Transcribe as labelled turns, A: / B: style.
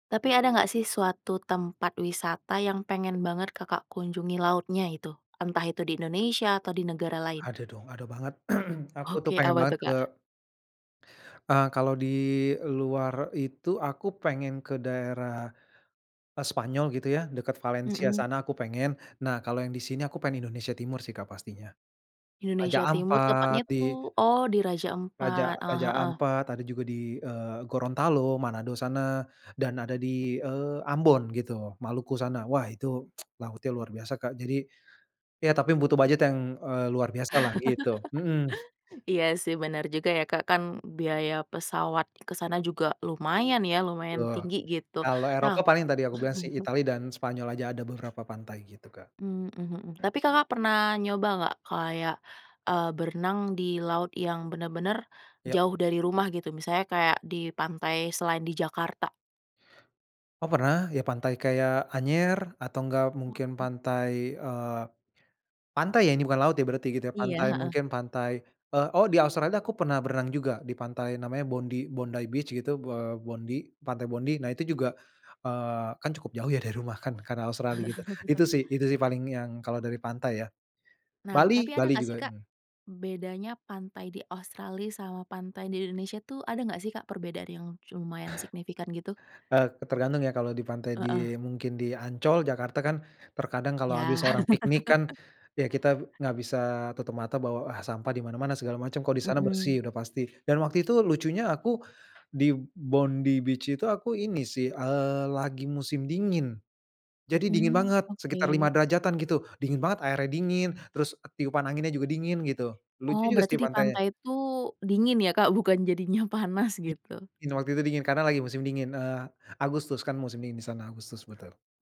A: Tapi ada gak sih suatu tempat wisata yang pengen banget Kakak kunjungi lautnya itu? Entah itu di Indonesia atau di negara lain?
B: Ada dong ada banget aku tuh
A: Oke
B: pengen
A: apa
B: banget
A: tuh
B: ke
A: Kak?
B: eee, kalau di luar itu aku pengen ke daerah, eee, Spanyol gitu ya dekat Valencia
A: Mhm.
B: sana aku pengen, nah kalau yang di sini aku pengen Indonesia Timur sih Kak pastinya, Raja
A: Indonesia timur
B: Ampat
A: tepatnya
B: di
A: tuh oh di Raja
B: Raja
A: Ampat, heeh
B: Raja
A: heeh.
B: Ampat ada juga di, eee, Gorontalo, Manado sana dan ada di, eee, Ambon gitu Maluku sana wah itu lautnya luar biasa Kak jadi ya tapi butuh budget yang, eee, luar biasalah gitu, mhm.
A: Iya sih bener juga ya Kak kan biaya pesawat ke sana juga lumayan ya lumayan
B: Eee,
A: tinggi gitu
B: kalau
A: nah
B: Eropa paling tadi aku bilang sih Italia dan Spanyol aja ada beberapa pantai gitu Kak.
A: Mmm mmm, mhm, tapi Kakak pernah nyoba gak kayak, eee, berenang di laut yang bener-bener,
B: Ya.
A: jauh dari rumah gitu misalnya kayak di pantai selain di Jakarta?
B: Oh pernah ya pantai kayak Anyer atau enggak mungkin
A: Mhm.
B: pantai, eee, pantai ya ini bukan laut berarti gitu ya,
A: Iya,
B: pantai,
A: heeh.
B: mungkin pantai, eee, oh di Australia tuh aku pernah berenang juga di pantai namanya Bondy Bondy Beach gitu, eee, Bondy pantai Bondy nah itu juga, eee, kan cukup jauh ya dari rumah kan karena Australia gitu itu sih itu sih paling yang kalau dari pantai ya
A: Nah
B: Bali
A: tapi
B: Bali
A: ada gak sih
B: juga,
A: Kak,
B: mmm.
A: bedanya pantai di Australia sama pantai di Indonesia tuh ada gak sih Kak perbedaan yang lumayan signifikan gitu?
B: Eee, tergantung ya kalau di pantai
A: Heeh.
B: di mungkin di Ancol Jakarta kan terkadang kalau habis
A: Ya.
B: orang piknik kan, ya kita gak bisa tutup mata bahwa sampah di mana-mana segala macam kok di sana
A: Mhm.
B: bersih udah pasti, dan waktu itu lucunya aku, di Bondy Beach itu aku ini sih, eee, lagi musim dingin, jadi dingin
A: Mmm,
B: banget sekitar lima
A: oke.
B: derajatan gitu dingin banget airnya dingin terus tiupan anginnya juga dingin gitu lucu
A: Oh
B: juga sih
A: berarti di
B: pantainya.
A: pantai itu dingin ya Kak bukan jadinya panas
B: I
A: gitu.
B: iya waktu itu dingin karena lagi musim dingin, eee, Agustus kan musim dingin di sana, Agustus betul.